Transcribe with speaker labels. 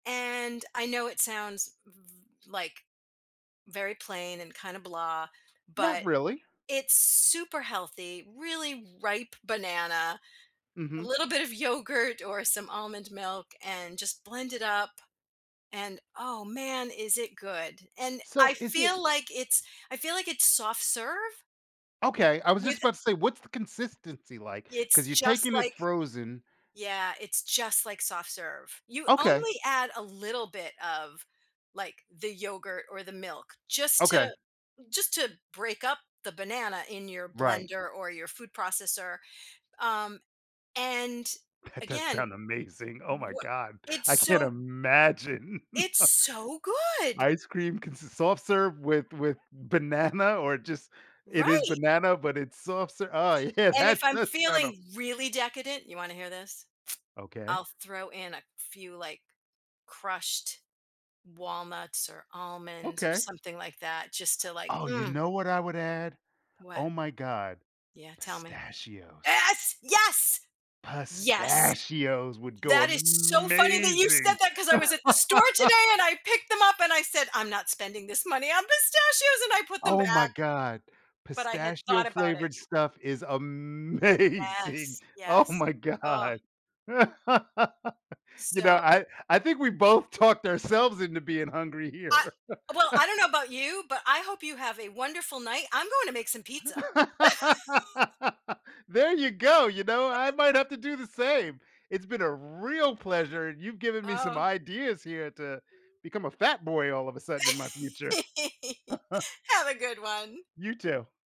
Speaker 1: And I know it sounds v v like, very plain and kinda, blah,
Speaker 2: Not
Speaker 1: but
Speaker 2: really.
Speaker 1: it's super healthy, really ripe banana, a
Speaker 2: Mhm.
Speaker 1: little bit of yogurt or some almond milk, and just blend it up. And oh, man, is it good? And
Speaker 2: So
Speaker 1: I
Speaker 2: is it
Speaker 1: feel it's I feel like it's soft serve
Speaker 2: Okay, I was
Speaker 1: with,
Speaker 2: just
Speaker 1: eh
Speaker 2: about to say, what's the consistency like?
Speaker 1: it's
Speaker 2: Cause you're
Speaker 1: just
Speaker 2: taking it
Speaker 1: like
Speaker 2: frozen
Speaker 1: yeah, it's just like soft serve. You
Speaker 2: Okay.
Speaker 1: only add a little bit of, like, the yogurt or the milk just
Speaker 2: Okay.
Speaker 1: to, just to break up the banana in your
Speaker 2: Right.
Speaker 1: blender or your food processor. Um, and
Speaker 2: That does sound
Speaker 1: again,
Speaker 2: amazing. Oh my
Speaker 1: wha
Speaker 2: God.
Speaker 1: it's
Speaker 2: I can't
Speaker 1: so
Speaker 2: imagine.
Speaker 1: it's so good.
Speaker 2: Ice cream consists of soft serve with with banana or just it is
Speaker 1: Right.
Speaker 2: banana, but it's soft serve oh, yeah.
Speaker 1: And if
Speaker 2: That
Speaker 1: I'm
Speaker 2: does sound o
Speaker 1: feeling really decadent you wanna hear this?
Speaker 2: Okay.
Speaker 1: I'll throw in a few, like, crushed walnuts or almonds or
Speaker 2: Okay.
Speaker 1: something like that just to like,
Speaker 2: Oh, you
Speaker 1: mm.
Speaker 2: know what I would add?
Speaker 1: What?
Speaker 2: Oh my god.
Speaker 1: Yeah, tell me.
Speaker 2: Pistachios.
Speaker 1: Yes, yes, yes!
Speaker 2: Pistachios would go
Speaker 1: That is so funny that you said
Speaker 2: amazing.
Speaker 1: that 'cause I was at the store today and I picked them up and I said, "I'm not spending this money on pistachios." And I put them
Speaker 2: Oh my
Speaker 1: back.
Speaker 2: god.
Speaker 1: But I had
Speaker 2: Pistachio
Speaker 1: thought about it.
Speaker 2: flavored stuff is amazing.
Speaker 1: Yes,
Speaker 2: Oh,
Speaker 1: yes,
Speaker 2: my
Speaker 1: uh.
Speaker 2: god. You know,
Speaker 1: So
Speaker 2: I I think we both talked ourselves into being hungry
Speaker 1: I
Speaker 2: here.
Speaker 1: well, I don't know about you, but I hope you have a wonderful night. I'm going to make some pizza.
Speaker 2: There you go. You know, I might have to do the same. It's been a real pleasure, and you've given me some
Speaker 1: Oh.
Speaker 2: ideas here to, become a fat boy all of a sudden in my future.
Speaker 1: Have a good one.
Speaker 2: You too.